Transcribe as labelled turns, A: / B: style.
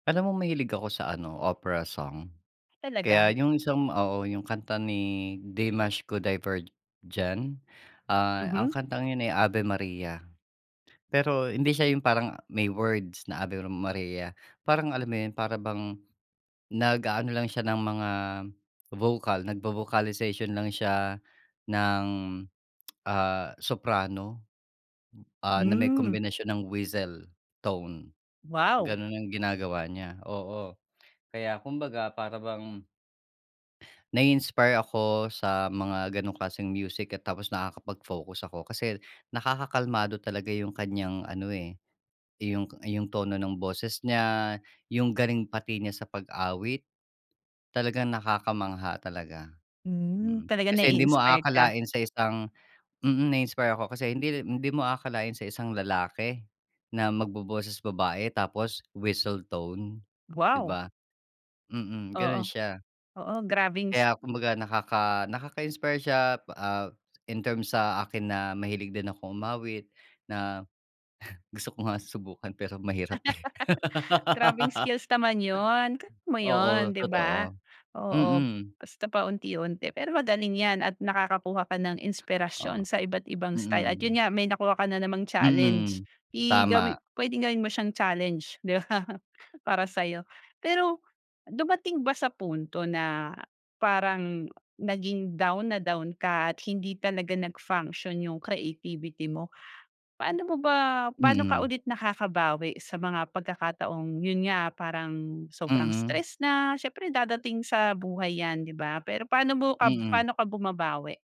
A: Alam mo, mahilig ako sa ano, opera song.
B: Talaga?
A: Kaya yung isang oo, yung kanta ni Dimash Qudaibergen. Ah, ang
B: Mhm.
A: kantang yun ay Ave Maria. Pero hindi siya yung parang may words na Ave Maria. Parang alam mo yun, para bang, nag-aano lang siya ng mga vocal, nagvo-vocalization lang siya ng, ah, soprano, ah, na may
B: Hmm.
A: kombinasyon ng whistle tone.
B: Wow!
A: Ganun ang ginagawa niya, oo. Kaya kumbaga para bang nai-inspire ako sa mga gano'ng klaseng music at tapos nakakapag-focus ako kasi nakakalmado talaga yung kaniyang ano, eh, yung yung tono ng boses niya, yung galing pati niya sa pag-awit. Talagang nakakamangha talaga,
B: Hmm.
A: mm.
B: Talaga,
A: Kasi hindi mo
B: nai-inspired ka?
A: aakalain sa isang mm, na-inspire ako kasi hindi rin hindi mo aakalain sa isang lalaki na magboboses babae tapos whistle tone, di
B: Wow!
A: ba? Mm,
B: Oo.
A: ganun siya.
B: Oo, grabeng s
A: Kaya kumbaga nakaka nakaka-inspire siya. Ah, in terms sa akin na mahilig din akong umawit, na gusto ko nga subukan pero mahirap, eh.
B: Grabeng skills naman 'yon. Kaya mo yun,
A: Oo,
B: di ba?
A: totoo.
B: Oo,
A: Mm.
B: basta paunti-unti. Pero magaling 'yan at nakakakuha ka ng inspirasyon
A: O,
B: sa iba't ibang style at yun
A: mm.
B: nga, may nakuha ka na namang challenge.
A: Mm.
B: I gawi
A: Tama.
B: puwedeng gawin mo siyang challenge, 'di ba para sa'yo. Pero dumating ba sa punto, na parang, naging down na down ka at hindi talaga nag-function yung creativity mo? Paano mo ba paano ka
A: Mm.
B: ulit nakakabawi sa mga pagkakataong yun nga, parang sobrang
A: Mm.
B: stress na, siyempre dadating sa buhay 'yan, di ba? Pero paano mo ka
A: Mm.
B: paano ka bumabawi?